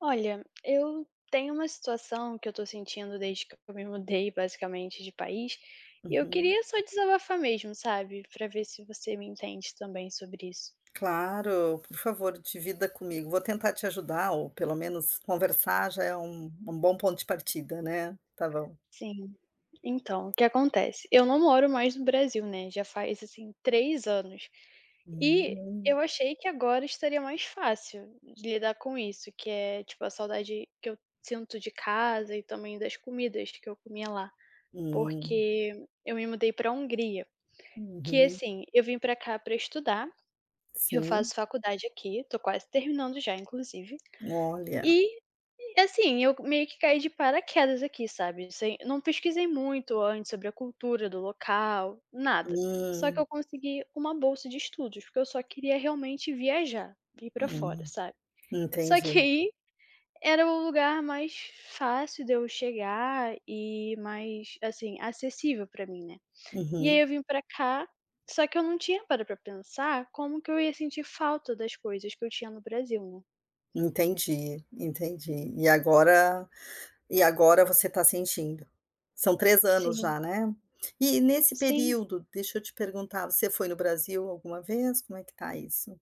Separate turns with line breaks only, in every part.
Olha, eu tenho uma situação que eu estou sentindo desde que eu me mudei basicamente de país, e eu
Uhum.
queria só desabafar mesmo sabe, para ver se você me entende também sobre isso.
Claro, por favor divida comigo, vou tentar te ajudar ou pelo menos conversar já é um um bom ponto de partida, né? Está bom.
Sim, então o que acontece, eu não moro mais no Brasil, né, já faz, assim, 3 anos. E,
Hum.
eu achei que agora estaria mais fácil de lidar com isso, que é, tipo a saudade que eu sinto de casa e também das comidas que eu comia lá.
Hum.
Porque eu me mudei para Hungria. Que
Uhum.
assim, eu vim para cá para estudar, eu
Sim.
faço faculdade aqui, estou quase terminando já inclusive,
Olha.
e, assim, eu meio que caí de paraquedas aqui sabe, assim, não pesquisei muito antes sobre a cultura do local, nada. Só que
Hum.
eu consegui uma bolsa de estudos, porque eu só queria realmente viajar, ir para fora,
Hum.
sabe. Só que
Entendi.
aí, era o lugar mais fácil de eu chegar e mais, assim, acessível para mim, né. E aí
Uhum.
eu vim para cá, só que eu não tinha parado pra pensar como que eu ia sentir falta das coisas que eu tinha no Brasil, né.
Entendi entendi. E agora e agora você está sentindo. São 3 anos
Sim.
já, né? E nesse
Sim.
período, deixa eu te perguntar, você foi no Brasil alguma vez, como é que está isso?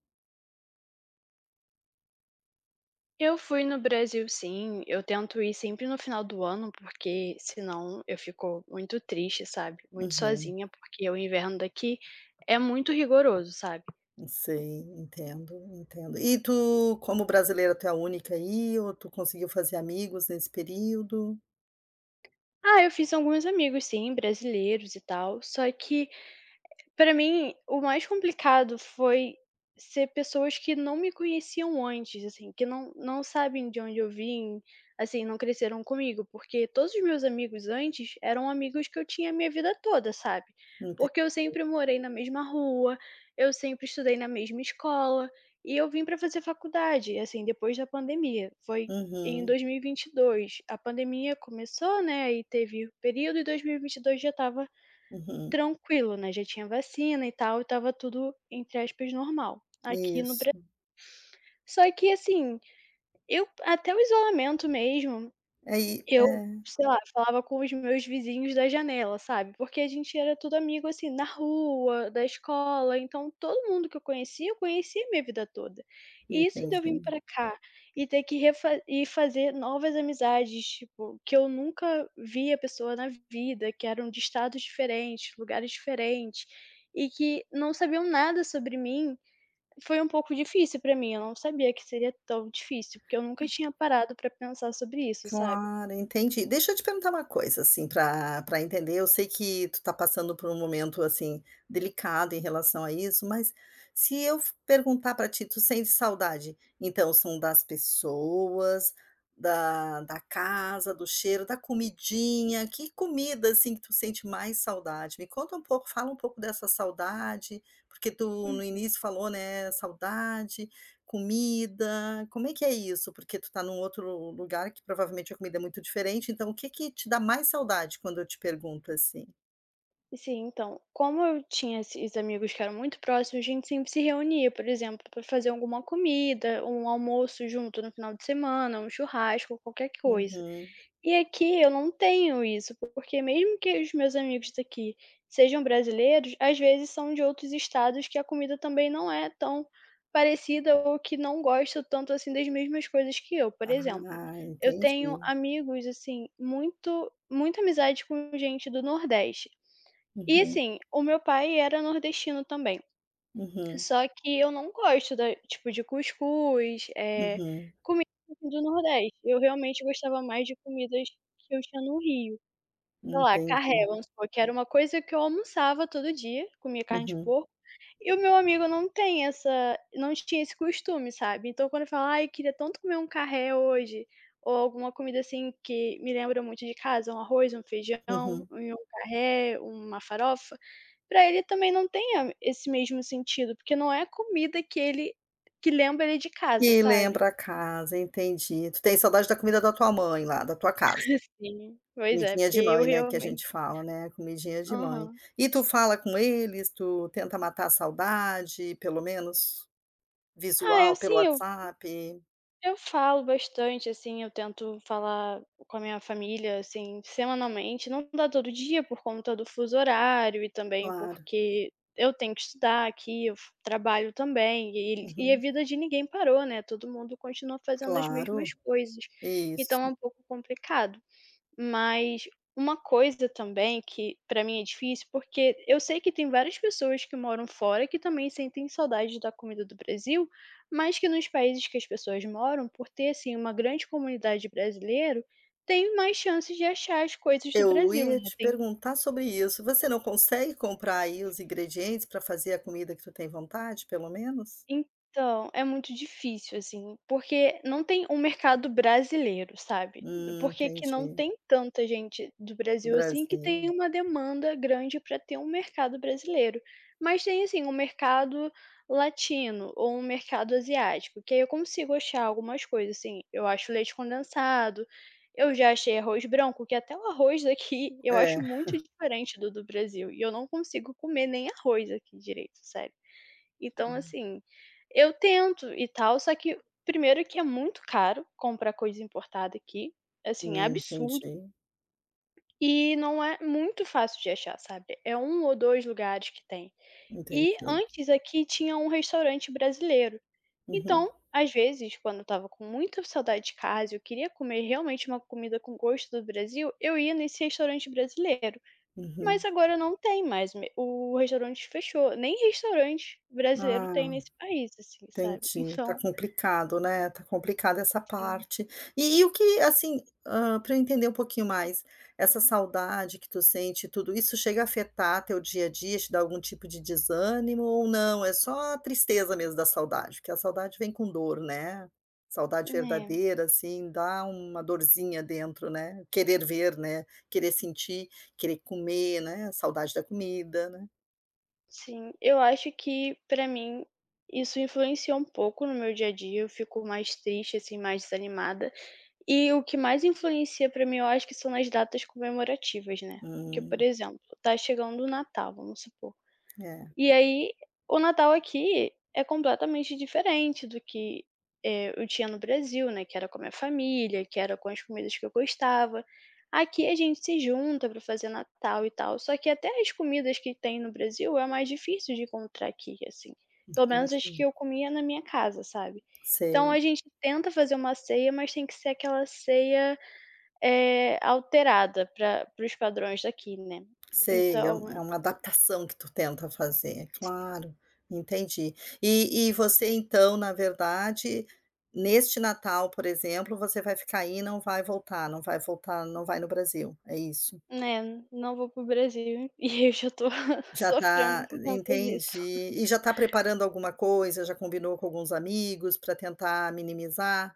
Eu fui no Brasil sim, eu tento ir sempre no final do ano, porque, senão eu fico muito triste sabe, muito
Uhum.
sozinha porque o inverno daqui é muito rigoroso, sabe.
Sei, entendo entendo. E tu, como brasileira tu é a única aí ou tu conseguiu fazer amigos nesse período?
Ah, eu fiz alguns amigos sim, brasileiros e tal, só que, para mim, o mais complicado foi ser pessoas que não me conheciam antes, assim, que não não sabem de onde eu vim, assim, não cresceram comigo porque todos os meus amigos antes eram amigos que eu tinha a minha vida toda sabe?
Ente
Porque eu sempre morei na mesma rua, eu sempre estudei na mesma escola, e eu vim para fazer faculdade assim depois da pandemia, foi em
Uhum.
2022. A pandemia começou, né, e teve o período e 2022 já estava
Uhum.
tranquilo, né, já tinha vacina e tal e estava tudo, entre aspas normal, aqui e no Bra
Isso.
Só que, assim, eu até o isolamento mesmo,
Aí
que eu
Eh.
sei lá, falava com os meus vizinhos da janela, sabe. Porque a gente era tudo amigo assim, na rua, da escola, então todo mundo que eu conhecia eu conheci minha vida toda. E isso de eu vim
Entendi.
para cá, e ter que ref e fazer novas amizades, tipo, que eu nunca vi a pessoa na vida, que eram de estados diferentes, lugares diferentes, e que não sabiam nada sobre mim, foi um pouco difícil para mim, eu não sabia que seria tão difícil, eu nunca tinha parado para pensar sobre isso, sabe.
Claro, entendi, deixa eu te perguntar uma coisa assim para para entender eu sei que tu está passando por um momento assim, delicado em relação a isso mas, se eu perguntar para ti: "Tu sente saudade, então são das pessoas, da da casa, do cheiro, da comidinha, que comida, assim, que tu sente mais saudade?" Me conta um pouco, fala um pouco dessa saudade, porque tu no
Uhum.
início falou, né, saudade, comida, como é que é isso? Porque tu está em um outro lugar que provavelmente a comida é muito diferente então o que que te dá mais saudade quando eu te pergunto assim?
Sim então, como eu tinha esses amigos que eram muito próximos, a gente sempre se reunia por exemplo para fazer alguma comida, um almoço junto no final de semana, um churrasco, qualquer q coisa.
Uhum.
E aqui eu não tenho isso, porque mesmo que os meus amigos daqui sejam brasileiros, às vezes são de outros estados que a comida também não é tão parecida ou que não gosta tanto assim das mesmas coisas que eu por exemplo.
Ah,
Eu tenho
entendi.
amigos assim, muito muita amizade com gente do nordeste. E
Uhum.
assim, o meu pai era nordestino também.
Uhum.
Só que eu não gosto da tipo de cuscuz, eh,
Uhum.
comida do nordeste. Eu realmente gostava mais de comidas que eu tinha no Rio. Sei lá, carré
Entendi.
vamos supor, que era uma coisa que eu almoçava todo dia, comia carne de
Uhum.
porco, e o meu amigo não tem essa não tinha esse costume, sabe? Então quando eu falo: "Ai queria tanto comer um carré hoje," ou alguma comida assim que me lembra muito de casa, um arroz, um feijão,
Uhum.
um carré, uma farofa, para ele também não tenha a esse mesmo sentido, porque não é a comida que ele que lembra ele de casa,
Que
sabe?
lembra a casa, entendi. Tu tens saudade da comida da tua mãe lá, da tua casa.
Sim, pois é,
Comidinha
porque
de
eu
mãe, né, que a
realmente
gente fala, né, comidinha de mãe.
Aham.
E tu fala com eles, tu tenta matar a saudade, pelo menos,
Ah, eu
visual pelo
sim, eu
WhatsApp?
eu falo bastante assim, eu tento falar com a minha família, assim, semanalmente, não dá todo dia por conta do fuso horário e também
Claro.
porque eu tenho que estudar aqui, eu fu trabalho também. E e e a
Uhum.
vida de ninguém parou, né, todo mundo continua fazendo as mesmas
Claro,
coisas. Então é
isso.
um pouco complicado. Mas, uma coisa também que para mim é difícil porque eu sei que tem várias pessoas que moram fora que também sentem saudades da comida do Brasil, mas que nos países que as pessoas moram, por ter assim uma grande comunidade brasileiro, tem mais chances de achar as coisas do
Eu
Brasil,
ia
né,
te
tem
perguntar sobre isso, você não consegue comprar aí os ingredientes para fazer a comida que tu tem vontade pelo menos?
Então, é muito difícil assim, porque não tem um mercado brasileiro, sabe?
Hum,
Por que aqui não
entendi.
tem tanta gente do Brasil assim que
Brasil.
tem uma demanda grande para ter um mercado brasileiro. Mas tem assim, um mercado latino, ou um mercado asiático, que aí eu consigo achar algumas coisas assim, eu acho leite condensado, eu já achei arroz branco que até o arroz daqui eu acho
É.
muito diferente do do Brasil, e eu não consigo comer nem arroz aqui direito, sério. Então
Hum.
assim, eu tento e tal só que 1º que é muito caro comprar coisa importada aqui, assim é
Hum,
absurdo.
entendi.
E não é muito fácil de achar sabe? É 1 ou 2 lugares que tem. E
Entendi.
antes aqui tinha um restaurante brasileiro.
Uhum.
Então, às vezes quando eu estava com muita saudade eu queria comer realmente uma comida com gosto do Brasil, eu ia nesse restaurante brasileiro. Mas
Uhum.
agora não tem mais, m o restaurante fechou, nem restaurante brasileiro tem
Ah
nesse país, assim, sabe?
entendi, está
Então
complicado, né, está complicado essa
Sim.
parte. E e o que, assim, hã, para eu entender um pouquinho mais, essa saudade que tu sente tudo, isso chega a afetar teu dia a dia, te dá algum tipo de desânimo ou não, é só tristeza mesmo da saudade? Porque a saudade vem com dor, né? Saudade
Né.
verdadeira assim, dá uma dorzinha dentro, né, querer ver, né, querer sentir, querer comer, né, a saudade da comida, né?
Sim, eu acho que para mim isso influencia um pouco no meu dia a dia, eu fico mais triste assim, mais desanimada. E o que mais influencia para mim eu acho que são as datas comemorativas, né. Que por
Hum.
exemplo, está chegando o Natal, vamos supor.
É.
E aí o Natal aqui é completamente diferente do que, eh, eu tinha no Brasil, né, que era com a minha família, que era com as comidas que eu gostava. Aqui a gente se junta para fazer Natal e tal, só que até as comidas que tem no Brasil é mais difícil de encontrar aqui assim. Pelo menos as que
Entendi.
eu comia na minha casa, sabe? Então
Sei.
a gente tenta fazer uma ceia mas tem que ser aquela ceia, eh, alterada para para os padrões daqui, né.
Sei, é uma é
Então
uma adaptação que tu tenta fazer, é
Sim.
claro, entendi. E e você então na verdade, neste Natal por exemplo você vai ficar aí e não vai voltar não vai voltar, não vai no Brasil, é isso?
É, não vou para o Brasil, e eu já estou
Já
sofrendo
está
por conta disso.
entendi, e já está preparando alguma coisa, já combinou com alguns amigos para tentar minimizar,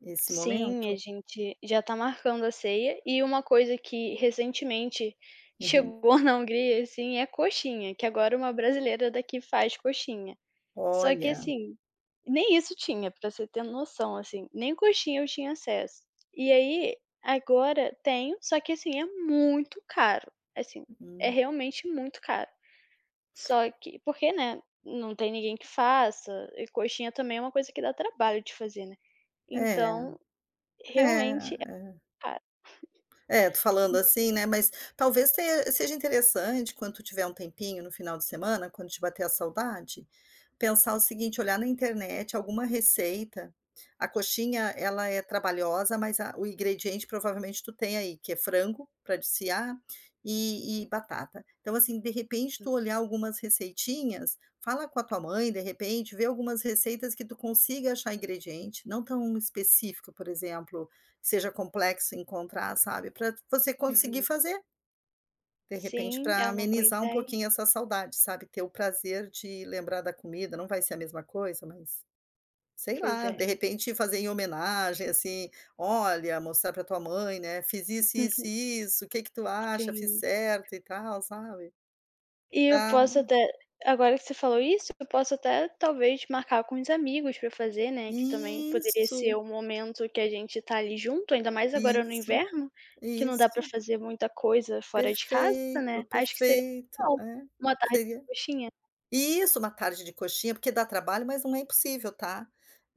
esse
Sim, a
momento?
gente já está marcando a ceia, e uma coisa que recentemente
Uhum.
chegou na Hungria assim é coxinha, que agora uma brasileira daqui faz coxinha. Só que
Olha.
assim, nem isso tinha para você ter noção assim, nem coxinha eu tinha acesso. E aí, agora tenho, só que assim, é muito caro, assim, é
Hum.
realmente muito caro. Só que, porque, né, não tem ninguém que faça, e coxinha também é uma coisa que dá trabalho de fazer, né?
É,
Então,
é,
realmente é
eh. É tu falando,
[unintelligible]
assim, né, mas, talvez tenha seja interessante quando tiver um tempinho no final de semana quando ti bater a saudade, pensar o seguinte, olhar na internet alguma receita, a coxinha ela é trabalhosa mas a o ingrediente provavelmente tu tem aí que é frango, para desfiar, e e batata. Então assim de repente
Uhum.
tu olhar algumas receitinhas, fala com a tua mãe de repente, vê algumas receitas que tu consiga achar ingrediente, não tão específico por exemplo, que seja complexo encontrar sabe para você conseguir
Uhum.
fazer. De repente
Sim, é
para
uma boa
amenizar um
ideia.
pouquinho essa saudade sabe, ter o prazer de lembrar da comida, não vai ser a mesma coisa mas, sei
Pois
lá,
é.
de repente fazer em homenagem assim, olha mostrar para tua mãe, né, "Fiz isso, isso, isso, o que que tu acha, fiz
Sim.
certo e tal" sabe?
E eu
Tá
posso até, agora que você falou isso, eu posso até talvez marcar com uns amigos para fazer, né, também poderia ser
Isso.
o momento que a gente está ali junto, ainda mais agora no
Isso,
inverno, que não dá para
isso.
fazer muita coisa fora de casa, né?
Perfeito,
Acho que seria
perfeito,
legal,
é.
uma tarde
Seria
de coxinha.
isso, uma tarde de coxinha porque dá trabalho mas não é impossível, tá?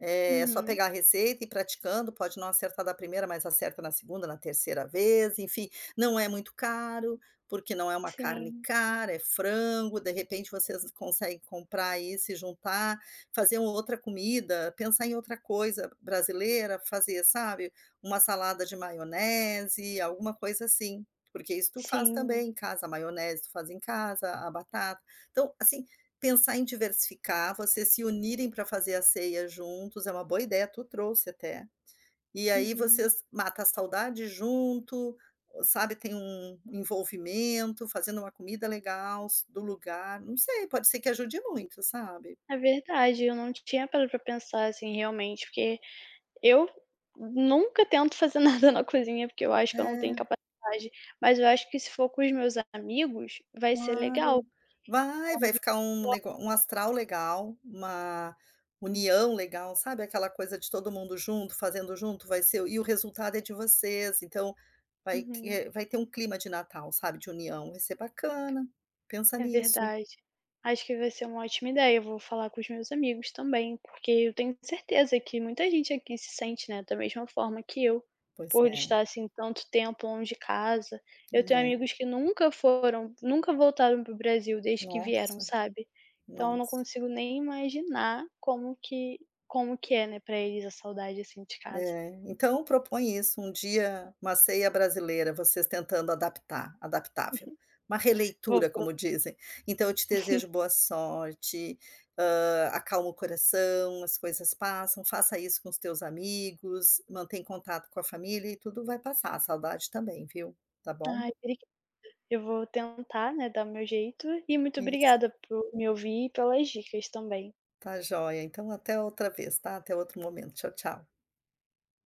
É só
Uhum.
pegar a receita e ir praticando, pode não acertar da 1º mas acerta na 2º, na 3º vez enfim, não é muito caro, porque não é uma carne
Sim.
cara, é frango, de repente vocês conseguem comprar isso e juntar, fazer uma outra comida, pensar em outra coisa brasileira, fazer sabe? Uma salada de maionese, alguma coisa assim, porque isso tu faz
Sim.
também em casa, maionese tu faz em casa, a batata, então assim, pensar em diversificar, vocês se unirem para fazer a ceia juntos é uma boa ideia, tu trouxe até, e aí
Uhum.
vocês mata a saudade junto, sabe tem um envolvimento, fazendo uma comida legal do lugar, não sei pode ser que ajude muito sabe?
É verdade, eu não tinha parado pra pensar assim realmente porque, eu nunca tento fazer nada na cozinha porque eu acho que eu não tenho
É.
capacidade, mas eu acho que se for com os meus amigos, vai ser legal,
Claro, vai, vai
porque
ficar um ne
[unintelligible]
um astral legal, uma união legal sabe aquela coisa de todo mundo junto fazendo junto vai ser e o resultado é de vocês então, vai
Uhum.
que vai ter um clima de Natal sabe, de união, vai ser bacana, pensa
É
nisso.
verdade. Acho que vai ser uma ótima ideia, vou falar com os meus amigos também, porque eu tenho certeza que muita gente aqui se sente, né, da mesma forma que eu,
Pois
por
é.
estar assim tanto tempo longe de casa, eu tenho
[unintelligible]
amigos que nunca foram, nunca voltaram para o Brasil desde que vieram,
Nossa,
sabe? Então eu não
nossa.
consigo nem imaginar como que como que é, né, para eles a saudade assim de casa.
É, então propõe isso um dia, uma ceia brasileira vocês tentando adaptar, adaptável, uma
vou
releitura
pro
como dizem, então eu te desejo boa sorte, hã, acalma o coração, as coisas passam, faça isso com os teus amigos, mantém contato com a família e tudo vai passar, a saudade também, viu? Está bom?
Aí, obrigada. Eu vou tentar, né, dar o meu jeito, e muito
Isso.
obrigada por me ouvir e pelas dicas também.
Está jóia então, até outra vez está? Até outro momento tchau tchau.